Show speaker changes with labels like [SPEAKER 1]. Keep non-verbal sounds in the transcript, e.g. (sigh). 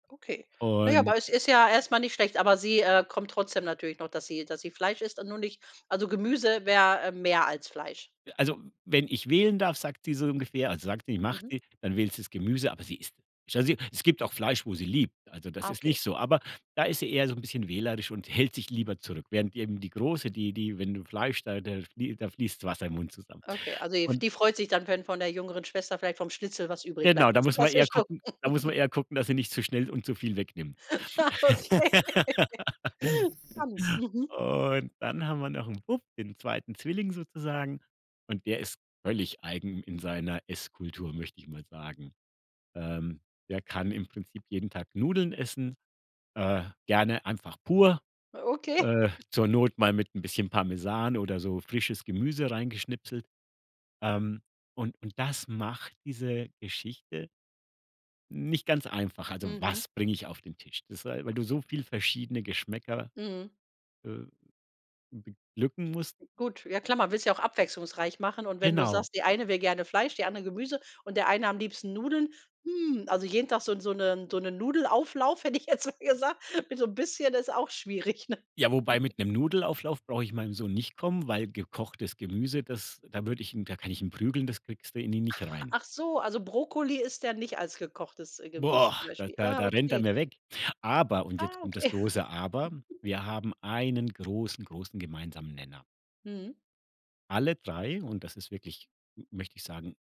[SPEAKER 1] Okay. Na ja,
[SPEAKER 2] Und
[SPEAKER 1] aber ist ist ja erst mal nicht schlecht, aber sie, äh, kommt trotzdem natürlich noch, dass sie dass sie Fleisch isst und nur nicht also Gemüse wär, äh, mehr als Fleisch.
[SPEAKER 2] Äh, also wenn ich wählen darf, sagt sie so ungefähr also sagt die macht
[SPEAKER 1] Mhm.
[SPEAKER 2] die, dann wählt sie das Gemüse, aber sie isst (unintelligible) es gibt auch Fleisch, wo sie liebt, also das
[SPEAKER 1] Ah.
[SPEAKER 2] ist nicht
[SPEAKER 1] Okay.
[SPEAKER 2] so. Aber da ist sie eher so 'n bisschen wählerisch und hält sich lieber zurück, während eben die Große, die die wenn du Fleisch da da flie da fließt das Wasser im Mund zusammen.
[SPEAKER 1] Okay, also ef
[SPEAKER 2] Und
[SPEAKER 1] die freut sich dann wenn von der jüngeren Schwester, vielleicht vom Schnitzel, was übrig
[SPEAKER 2] Genau,
[SPEAKER 1] bleibt,
[SPEAKER 2] da
[SPEAKER 1] Ganz
[SPEAKER 2] muss man
[SPEAKER 1] klassisch
[SPEAKER 2] eher
[SPEAKER 1] so.
[SPEAKER 2] gucken da muss
[SPEAKER 1] (chuckles)
[SPEAKER 2] man eher gucken, dass sie nicht zu schnell und zu viel wegnimmt.
[SPEAKER 1] Ah, okay. (laughs) Stimmt.
[SPEAKER 2] (laughs)
[SPEAKER 1] Mhm.
[SPEAKER 2] Und dann haben wir noch 'n Bub, den 2. Zwilling sozusagen. Und der ist völlig eigen in seiner Esskultur, möchte ich mal sagen. Ähm, der kann im Prinzip jeden Tag Nudeln essen, äh, gerne einfach pur,
[SPEAKER 1] Okay.
[SPEAKER 2] äh, zur Not mal
[SPEAKER 1] (chuckles)
[SPEAKER 2] mit 'n bisschen Parmesan oder so frisches Gemüse reingeschnipselt. Ähm, und und das macht diese Geschichte nicht ganz einfach. Also
[SPEAKER 1] Mhm.
[SPEAKER 2] was bringe ich auf den Tisch? Das äh, weil du
[SPEAKER 1] Okay.
[SPEAKER 2] so viel verschiedene Geschmäcker,
[SPEAKER 1] Mhm.
[SPEAKER 2] äh, beglücken musst.
[SPEAKER 1] Gut, ja klar, man will's ja auch abwechslungsreich machen. Und wenn du
[SPEAKER 2] Genau.
[SPEAKER 1] sagst: „Die eine will gerne Fleisch, die andere Gemüse und der eine am liebsten Nudeln", hm, also jeden Tag so 'n so 'ne so 'nen Nudelauflauf, hätte ich jetzt mal gesagt, mit so bisschen ist auch schwierig, ne?
[SPEAKER 2] Ja, wobei
[SPEAKER 1] (laughs)
[SPEAKER 2] mit 'nem Nudelauflauf brauche ich meinem Sohn nicht kommen, weil gekochtes Gemüse, das da würde ich ihn da kann ich ihn prügeln, das kriegst du in ihn nicht rein.
[SPEAKER 1] Ach so, also Brokkoli isst er nicht als gekochtes, äh, Gemüse zum
[SPEAKER 2] Boah. Da
[SPEAKER 1] Beispiel.
[SPEAKER 2] da
[SPEAKER 1] Ah,
[SPEAKER 2] da rennt er
[SPEAKER 1] okay.
[SPEAKER 2] mir weg. Aber und jetzt
[SPEAKER 1] Ah,
[SPEAKER 2] kommt das
[SPEAKER 1] okay.
[SPEAKER 2] große Aber, wir
[SPEAKER 1] (giggles)
[SPEAKER 2] haben einen großen, großen gemeinsamen Nenner.
[SPEAKER 1] Mhm.
[SPEAKER 2] Alle 3 und das ist wirklich m möchte ich sagen